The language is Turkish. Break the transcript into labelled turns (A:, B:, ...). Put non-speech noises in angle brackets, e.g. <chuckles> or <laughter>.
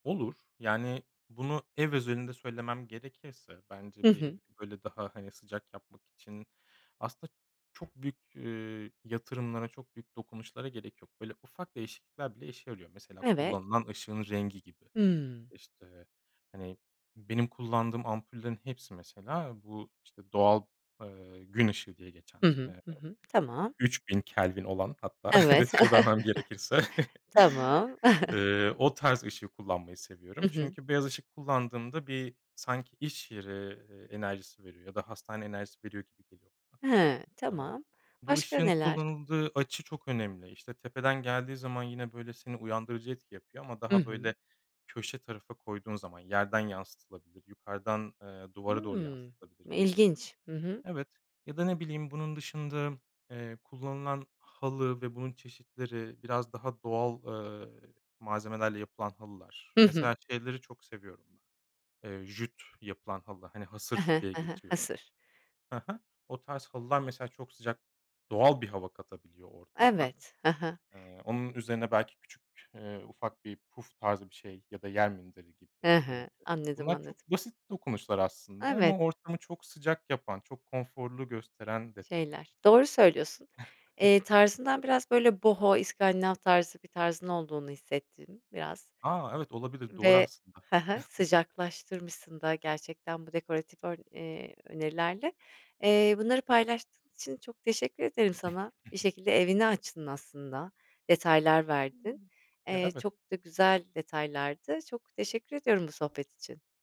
A: Olur. Yani bunu ev özelinde söylemem gerekirse
B: Hı
A: bence bir evi,
B: hı.
A: bir, böyle, daha, hani, sıcak yapmak için aslında çok büyük, eee, yatırımlara çok büyük dokunuşlara gerek yok. Böyle ufak değişiklikler bile işe yarıyor. Mesela
B: Evet.
A: kullanılan ışığın rengi gibi.
B: Hıı.
A: İşte, hani, benim kullandığım ampullerin hepsi mesela bu, işte, doğal, eee, gün ışığı diye geçen,
B: Hı hı.
A: eee,
B: Hı hı. Tamam.
A: 3000 kelvin olan hatta
B: Evet.
A: detay vermem gerekirse.
B: <chuckles>
A: <chuckles>
B: Tamam. <chuckles>
A: Eee, o tarz ışığı kullanmayı seviyorum.
B: Hı hı.
A: Çünkü beyaz ışık kullandığımda bir sanki iş yeri, ııı, enerjisi veriyor ya da hastane enerjisi veriyor gibi geliyor
B: He,
A: bana. Eee,
B: tamam.
A: bu
B: Başka
A: ışığın
B: neler?
A: kullanıldığı açı çok önemli, işte, tepeden geldiği zaman yine, böyle, seni uyandırıcı etki yapıyor ama
B: Hı
A: daha
B: hı.
A: böyle köşe tarafa koyduğun zaman yerden yansıtılabilir, yukarıdan, eee, duvara doğru
B: Hıı.
A: yansıtılabilir gibi.
B: İlginç. Hı hı.
A: Evet. Ya da ne bileyim bunun dışında, eee, kullanılan halı ve bunun çeşitleri biraz daha doğal, eee, malzemelerle yapılan halılar
B: Hı hı.
A: mesela şeyleri çok seviyorum ben. Eee, jüt yapılan halı hani
B: He
A: "hasır"
B: he.
A: diye
B: He he.
A: geçiyor.
B: Hasır.
A: Hı hı. O tarz halılar mesela çok sıcak doğal bir hava katabiliyor ortama.
B: Evet. Hı hı.
A: Eee, onun üzerine belki küçük, eee, ufak bir puf tarzı bir şey ya da yer minderi gibi.
B: Hı
A: İii,
B: hı. Anladım,
A: bunlar çok
B: anladım.
A: basit dokunuşlar aslında
B: Evet.
A: ama ortamı çok sıcak yapan çok konforlu gösteren detaylar.
B: Şeyler Doğru söylüyorsun. Eee,
A: <chuckles>
B: tarzından biraz, böyle, Boho iskandinav tarzı bir tarzın olduğunu hissettin biraz
A: A, evet olabilir, doğru
B: ve
A: aslında.
B: he he,
A: <chuckles>
B: sıcaklaştırmışsın da gerçekten bu dekoratif ör eee, önerilerle. Eee, bunları paylaştığın için çok teşekkür ederim sana. Bir
A: <chuckles>
B: şekilde evini açtın aslında, detaylar verdin.
A: Ya,
B: Eee,
A: evet.
B: çok da güzel detaylardı. Çok teşekkür ediyorum bu sohbet için.